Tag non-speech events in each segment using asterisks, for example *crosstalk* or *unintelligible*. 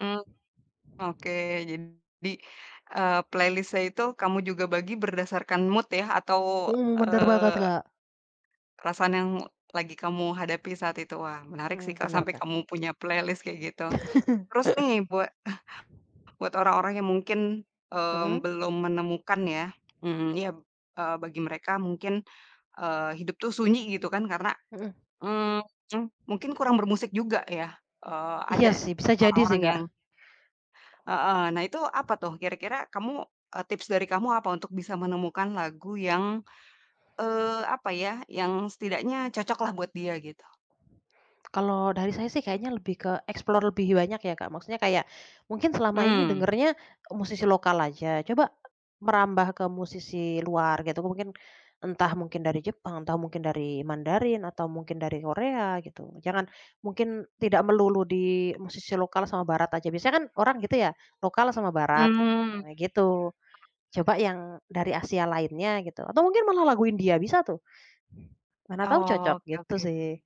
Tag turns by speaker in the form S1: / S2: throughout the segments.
S1: Mmm, oke jadi, eee, playlist-nya itu kamu juga bagi berdasarkan mood ya atau,
S2: Mhm, bener banget
S1: eee
S2: Kak.
S1: perasaan yang lagi kamu hadapi saat itu wah menarik sih
S2: Mhm,
S1: Kak,
S2: bener
S1: sampai
S2: Kak.
S1: kamu punya playlist kayak gitu, terus nih buat, eh,
S2: *laughs*
S1: buat orang-orang yang mungkin, mmm,
S2: Heeh.
S1: belum menemukan ya, mmm, ya, b eee, bagi mereka mungkin, eee, hidup tuh sunyi gitu kan karena,
S2: Mhm.
S1: mmm, mungkin kurang bermusik juga ya, eee, ada
S2: Iya sih bisa jadi sih
S1: orang-orang yang
S2: Kak.
S1: Heeh, nah itu apa tuh kira-kira kamu, eee, tips dari kamu apa untuk bisa menemukan lagu yang, eee, apa ya yang setidaknya cocok lah buat dia gitu.
S2: Kalau dari saya sih kayaknya lebih ke explore lebih banyak ya Kak, maksudnya kayak, mungkin selama ini
S1: Mmm.
S2: dengernya, musisi lokal aja coba, merambah ke musisi luar gitu mungkin, entah mungkin dari Jepang atau mungkin dari Mandarin atau mungkin dari Korea gitu jangan mungkin tidak melulu di musisi lokal sama barat aja biasanya kan orang gitu ya, lokal sama barat gitu
S1: Mmm.
S2: *unintelligible* gitu, coba yang dari Asia lainnya gitu atau mungkin malah lagu India bisa tuh. Mana tahu cocok
S1: Oh oke
S2: gitu
S1: oke.
S2: sih.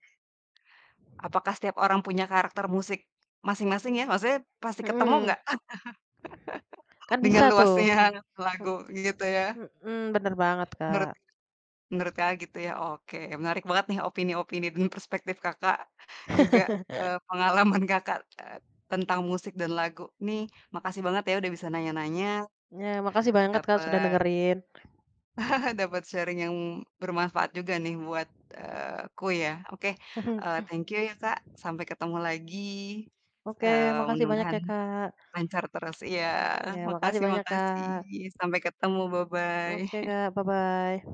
S1: Apakah setiap orang punya karakter musik, masing-masing ya? Maksudnya pasti ketemu
S2: Mhm.
S1: nggak?
S2: Kan
S1: *chuckles* Dengan
S2: bisa tuh
S1: luasnya
S2: ini.
S1: lagu
S2: H
S1: gitu ya.
S2: hmm, bener banget,
S1: Menurut,
S2: Kak.
S1: menurut Kakak, gitu ya oke menarik banget nih opini-opini dan perspektif Kakak, juga,
S2: *chuckles*
S1: eee, pengalaman Kakak, eee, tentang musik dan lagu nih makasih banget ya udah bisa nanya-nanya.
S2: Iya makasih banget Kak, sudah
S1: Dapet
S2: dengerin.
S1: *chuckles* dapet sharing yang bermanfaat juga nih buat, eee, aku ya oke,
S2: Mhm.
S1: eee, thank you ya Kak, sampai ketemu lagi,
S2: Oke
S1: eee,
S2: makasih banyak
S1: mudah-mudahan,
S2: ya Kak.
S1: lancar terus iya
S2: Iya makasih
S1: makasih
S2: banyak
S1: makasih
S2: Kak.
S1: sampai ketemu bye-bye.
S2: Oke
S1: *chuckles*
S2: Kak, bye-bye.